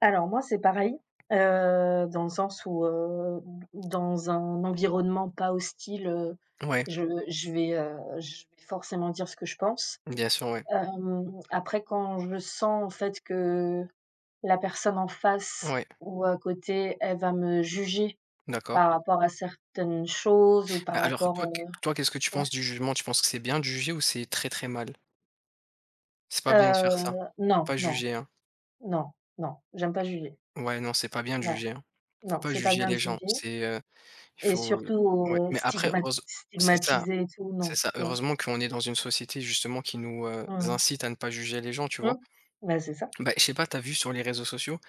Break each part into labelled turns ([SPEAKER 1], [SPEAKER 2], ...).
[SPEAKER 1] Alors moi, c'est pareil, heu, dans le sens où, heu, où d où dans un environnement pas hostile, heu,
[SPEAKER 2] Ouais.
[SPEAKER 1] je je vais, heu, je vais forcément dire ce que je pense.
[SPEAKER 2] Bien sûr, ouais.
[SPEAKER 1] Hem, après, quand je sens, en fait, que la personne en face
[SPEAKER 2] Ouais.
[SPEAKER 1] ou à côté, elle va me juger,
[SPEAKER 2] D'accord.
[SPEAKER 1] par rapport à certaines choses ou
[SPEAKER 2] A
[SPEAKER 1] par
[SPEAKER 2] alors toi
[SPEAKER 1] rapport,
[SPEAKER 2] qu
[SPEAKER 1] heu
[SPEAKER 2] toi qu'est-ce que tu penses
[SPEAKER 1] ouais.
[SPEAKER 2] du jugement? Tu penses que c'est bien de juger ou c'est très, très mal? C'est pas bien de faire ça.
[SPEAKER 1] Heu.
[SPEAKER 2] Faut
[SPEAKER 1] Non,
[SPEAKER 2] pas
[SPEAKER 1] non.
[SPEAKER 2] juger, hein.
[SPEAKER 1] Non. Non. J'aime pas juger.
[SPEAKER 2] Ouais non, c'est pas bien de
[SPEAKER 1] Voilà.
[SPEAKER 2] juger, hein. Faut
[SPEAKER 1] Non.
[SPEAKER 2] pas
[SPEAKER 1] C'est pas
[SPEAKER 2] juger
[SPEAKER 1] bien de
[SPEAKER 2] les gens,
[SPEAKER 1] juger.
[SPEAKER 2] c'est, heu il
[SPEAKER 1] Et
[SPEAKER 2] faut, heu
[SPEAKER 1] surtout,
[SPEAKER 2] ouais.
[SPEAKER 1] heu,
[SPEAKER 2] Mais après
[SPEAKER 1] stigmat
[SPEAKER 2] heureuse c'est ça,
[SPEAKER 1] stigmatiser et tout,
[SPEAKER 2] c'est
[SPEAKER 1] non.
[SPEAKER 2] ça,
[SPEAKER 1] Tu vois?
[SPEAKER 2] heureusement qu'on est dans une société, justement, qui nous, heu,
[SPEAKER 1] Mmh.
[SPEAKER 2] incite à ne pas juger les gens, tu vois.
[SPEAKER 1] Mmh. Bah, c'est ça.
[SPEAKER 2] Bah et je sais pas, tu as vu sur les réseaux sociaux?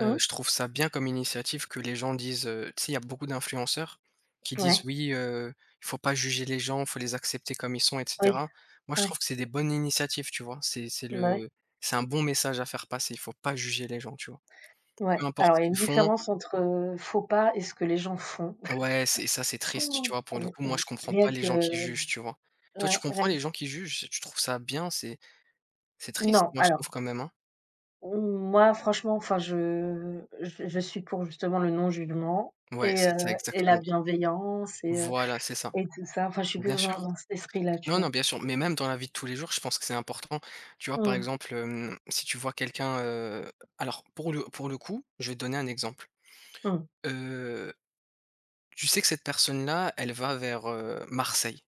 [SPEAKER 2] Heu, je trouve ça bien comme initiative que les gens disent, heu, tu sais, il y a beaucoup d'influenceurs qui disent:
[SPEAKER 1] Ouais.
[SPEAKER 2] «Oui, heu, faut pas juger les gens, faut les accepter comme ils sont» et
[SPEAKER 1] Oui.
[SPEAKER 2] cetera. Moi je
[SPEAKER 1] Ouais.
[SPEAKER 2] trouve que c'est des bonnes initiatives, tu vois, c'est c'est
[SPEAKER 1] Bah, ouais.
[SPEAKER 2] le c'est un bon message à faire passer, il faut pas juger les gens, tu vois.
[SPEAKER 1] Ouais.
[SPEAKER 2] Peu importe
[SPEAKER 1] Alors
[SPEAKER 2] ce
[SPEAKER 1] il y a une
[SPEAKER 2] qu'ils font
[SPEAKER 1] différence entre, heu, faut pas et ce que les gens font.
[SPEAKER 2] Ouais c'est ça c'est triste, tu vois. Pour le
[SPEAKER 1] Ri
[SPEAKER 2] coup, moi
[SPEAKER 1] ri
[SPEAKER 2] je comprends
[SPEAKER 1] rien
[SPEAKER 2] pas les
[SPEAKER 1] que
[SPEAKER 2] gens qui jugent, tu vois? Toi, tu
[SPEAKER 1] ouais.
[SPEAKER 2] comprends
[SPEAKER 1] Rien que
[SPEAKER 2] les
[SPEAKER 1] ç
[SPEAKER 2] gens qui jugent, tu trouves ça bien? C'est c'est triste,
[SPEAKER 1] Non,
[SPEAKER 2] moi, je
[SPEAKER 1] alors
[SPEAKER 2] trouve quand même, hein.
[SPEAKER 1] Mmh, moi, franchement, enfin je j je suis pour, justement, le non jugement
[SPEAKER 2] Ouais
[SPEAKER 1] et
[SPEAKER 2] c'est
[SPEAKER 1] heu,
[SPEAKER 2] ça,
[SPEAKER 1] et
[SPEAKER 2] exactement.
[SPEAKER 1] la bienveillance et heu,
[SPEAKER 2] Voilà c'est ça.
[SPEAKER 1] et tout ça. Enfin, je suis
[SPEAKER 2] Bien
[SPEAKER 1] plutôt
[SPEAKER 2] sûr.
[SPEAKER 1] dans un cet esprit-là, tu
[SPEAKER 2] Non, non,
[SPEAKER 1] vois?
[SPEAKER 2] bien sûr, mais même dans la vie de tous les jours, je pense que c'est important. Tu vois, par
[SPEAKER 1] Mmh.
[SPEAKER 2] exemple, hem, si tu vois quelqu'un, heu, alors pour le pour le coup, je vais te donner un exemple,
[SPEAKER 1] Mmh.
[SPEAKER 2] heu, tu sais que cette personne-là, elle va vers, heu, Marseille.